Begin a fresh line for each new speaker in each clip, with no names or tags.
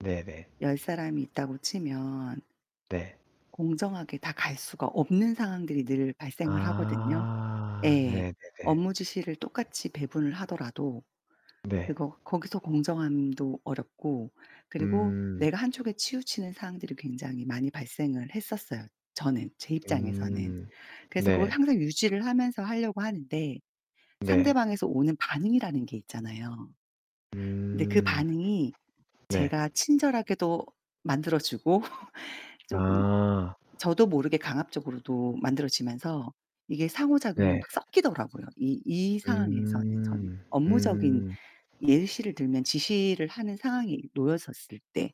네네.
10 사람이 있다고 치면
네.
공정하게 다 갈 수가 없는 상황들이 늘 발생을 하거든요.
아.
예.
네. 네네.
업무 지시를 똑같이 배분을 하더라도.
네.
그거 거기서 공정함도 어렵고. 그리고
음.
내가 한쪽에 치우치는 상황들이 굉장히 많이 발생을 했었어요. 저는 제 입장에서는.
음.
그래서 그걸
네.
항상 유지를 하면서 하려고 하는데
네.
상대방에서 오는 반응이라는 게 있잖아요. 근데 그
음.
반응이
네.
제가 친절하게도 만들어주고 쪼금
아.
저도 모르게 강압적으로도 만들어지면서 이게 상호작용이
네.
막 섞이더라고요. 이 이 상황에서는 저는.
음.
업무적인
음.
예시를 들면 지시를 하는 상황이 놓여졌을 때.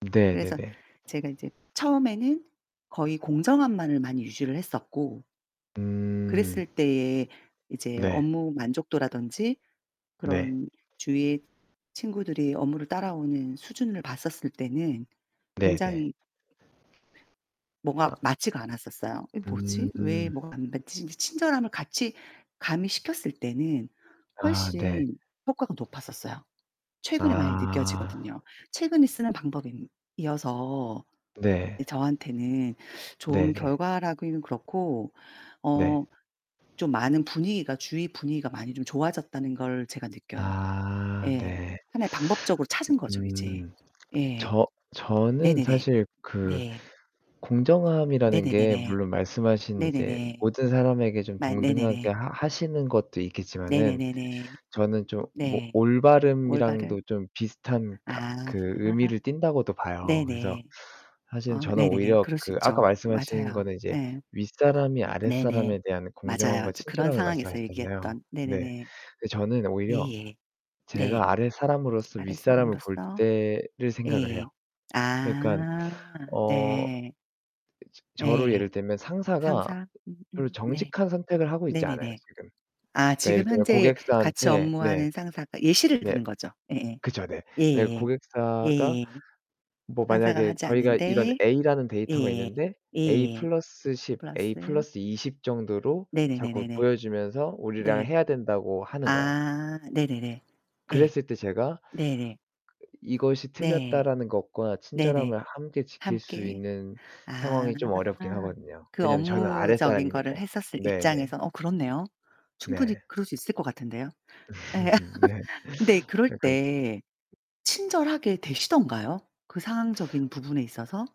네.
그래서
네네.
제가 이제 처음에는 거의 공정함만을 많이 유지를 했었고
음.
그랬을 때에 이제
네.
업무 만족도라던지
네.
그런 주위에 친구들이 업무를 따라오는 수준을 봤었을 때는
네네.
굉장히 뭐가
아.
맞지가 않았었어요. '이게 뭐지? 왜
음.
뭐가 안 맞지?' 이제 친절함을 같이 가미시켰을 때는
아 네.
훨씬 효과가 높았었어요. 최근에 많이
아.
느껴지거든요. 최근에 쓰는 방법이 이어서
네.
저한테는 좋은
네네.
결과라기는 그렇고
네.
어 좀 많은 분위기가 주위 분위기가 많이 좀 좋아졌다는 걸 제가 느껴요.
아
예.
네.
하나의 방법적으로 찾은 거죠 이제.
음.
예.
저 저는
네네네.
사실 그
네.
공정함이라는 게
네네네네.
물론 말씀하신 이제
네네네.
모든 사람에게 좀
맞
동등하게
네네네.
하시는 것도 있겠지만은
네네네네.
저는 좀
네. 올바른.
올바름이랑도 좀 비슷한 가
아.
그 의미를 띤다고도 봐요. 그래서
네네.
사실
아
저는
네네네.
오히려
그럴 수
그 아까
있죠.
말씀하신
맞아요.
거는 이제
네.
윗사람이
네네
아랫사람에 대한
맞아요.
공정함과
그런
친절함을
상황에서
말씀하셨잖아요.
얘기했던.
네.
네네네.
저는 오히려
예예. 네.
제가 아랫사람으로서 윗사람을 볼
아랫사람으로서
때를 생각을 해요.
예.
그니깐
아
어
네.
저로
네.
예를 들면 상사가
상사.
별로
네.
정직한 선택을 하고 있지 않아요.
네네네.
지금.
아
그니까 예를
지금
들어
현재 같이
고객사한테 네.
업무하는 상사가 예시를
네.
드는 거죠. 예예.
그쵸 네. 그리고
예예예.
고객사가
예예예.
뭐
상사가
만약에
하지
저희가 이런
않는데
A라는 데이터가
예예.
있는데 A+
예예.
10,
플러스.
A+ 20 정도로 자꾸
네네네네네.
보여주면서 우리랑
네.
해야 된다고 하는 거예요.
아. 네네네. 예.
그랬을 때 제가
네네.
'이것이
네.
틀렸다.'라는 것과
네네.
친절함을 함께 지킬 수
함께
있는
아.
상황이 좀 어렵긴 하거든요.
그
왜냐면 저는
업무적인 거를
아랫사람이니까.
했었을
네네.
입장에서. 어 그렇네요. 충분히
네.
그럴 수 있을 것 같은데요. 예.
네.
근데
[unintelligible]
그럴때 친절하게 되시던가요? 그 상황적인 부분에 있어서?